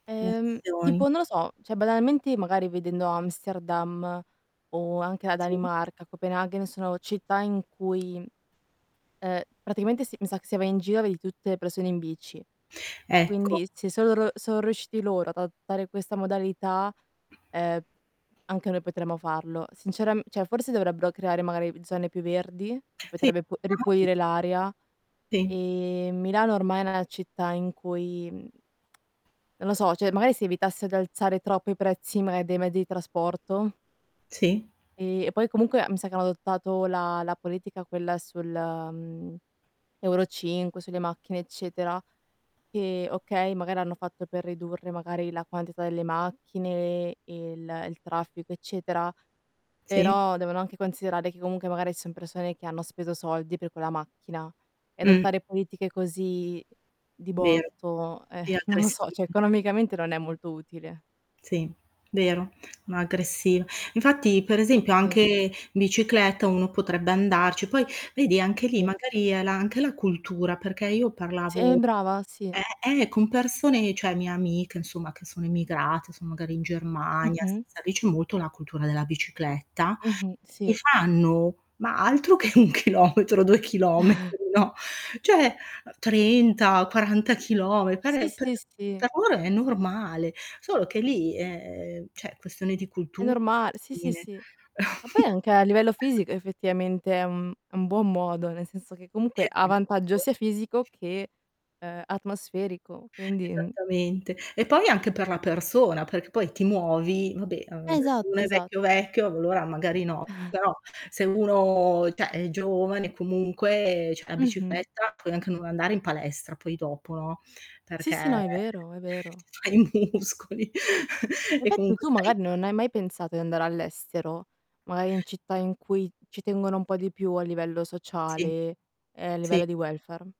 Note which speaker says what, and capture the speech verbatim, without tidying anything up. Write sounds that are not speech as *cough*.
Speaker 1: Le
Speaker 2: Ehm,
Speaker 1: azioni.
Speaker 2: tipo non lo so, cioè, banalmente, magari vedendo Amsterdam o anche la
Speaker 1: Sì.
Speaker 2: Danimarca, Copenaghen, sono città in cui, ehm, praticamente s mi sa che se vai in giro vedi tutte le persone in bici.
Speaker 1: *inhales* Ecco.
Speaker 2: Quindi se sono ru sono riusciti loro ad adottare questa modalità, ehm, anche noi potremmo farlo. Sinceramen cioè, forse dovrebbero creare magari zone più verdi, che
Speaker 1: Sì.
Speaker 2: potrebbe p
Speaker 1: *unintelligible*
Speaker 2: ripulire l'aria,
Speaker 1: Sì.
Speaker 2: e Milano ormai è una città in cui mh, non lo so, cioè magari si evitasse di alzare troppo i prezzi, magari, dei mezzi di trasporto
Speaker 1: Sì.
Speaker 2: e poi comunque mi sa che hanno adottato la la politica quella sul, mhmm, Euro cinque, sulle macchine eccetera. E okay, magari hanno fatto per ridurre, magari, la quantità delle macchine e il il traffico eccetera,
Speaker 1: Sì.
Speaker 2: però, devono anche considerare che comunque magari ci son persone che hanno speso soldi per quella macchina e
Speaker 1: Mh.
Speaker 2: adottare politiche così, di
Speaker 1: Vero,
Speaker 2: botto, eh,
Speaker 1: è
Speaker 2: non lo
Speaker 1: aggressiva.
Speaker 2: so, *scoffs* cioè economicamente non è molto utile.
Speaker 1: Sì, vero. No, aggressiva. Infatti, per esempio
Speaker 2: Sì.
Speaker 1: anche bicicletta uno potrebbe andarci, poi vedi anche lì
Speaker 2: Sì.
Speaker 1: magari è la anche la cultura, perché io
Speaker 2: Sì,
Speaker 1: parlavo
Speaker 2: brava, sì.
Speaker 1: eh, eh con persone, cioè, mie amiche, insomma, che sono emigrate, sono magari in Germania,
Speaker 2: Mh-mh.
Speaker 1: sai lì c'è molto la cultura della bicicletta
Speaker 2: Mh-mh.
Speaker 1: e
Speaker 2: Sì.
Speaker 1: fanno, ma altro che un chilometro, due chilometri,
Speaker 2: *chuckles*
Speaker 1: no. ceh, trenta, quaranta chilometri
Speaker 2: Sì,
Speaker 1: per per
Speaker 2: sì, sì.
Speaker 1: per loro è normale. Solo che lì è cioè, questione di
Speaker 2: È
Speaker 1: cultu
Speaker 2: norma sì, sì,
Speaker 1: fine.
Speaker 2: sì. Ma poi,
Speaker 1: *chuckles*
Speaker 2: anche a livello fisico effettivamente è un è un buon modo, nel senso che comunque ha vantaggio
Speaker 1: Esatto.
Speaker 2: sia fisico che, ehm, atmosferico, quindi, mh
Speaker 1: Esattamente. E poi anche per la persona, perché poi ti muovi vabbè ades
Speaker 2: Esatto,
Speaker 1: uno è vecchio,
Speaker 2: esatto.
Speaker 1: vecchio, allora magari no,
Speaker 2: *chuckles*
Speaker 1: però se uno ceh, è giovane comunque, ceh, la
Speaker 2: Mh-mh.
Speaker 1: bicicletta puoi anche non andare in palestra poi dopo, no.
Speaker 2: Sì,
Speaker 1: Perché
Speaker 2: sì. No, è vero, è vero.
Speaker 1: fai muscoli e
Speaker 2: Infatti
Speaker 1: comunque
Speaker 2: tu
Speaker 1: sei
Speaker 2: magari non hai mai pensato di andare all'estero, magari in città in cui ci tengono un po' di più a livello
Speaker 1: Sì,
Speaker 2: sociale e a
Speaker 1: sì.
Speaker 2: livello di welfare?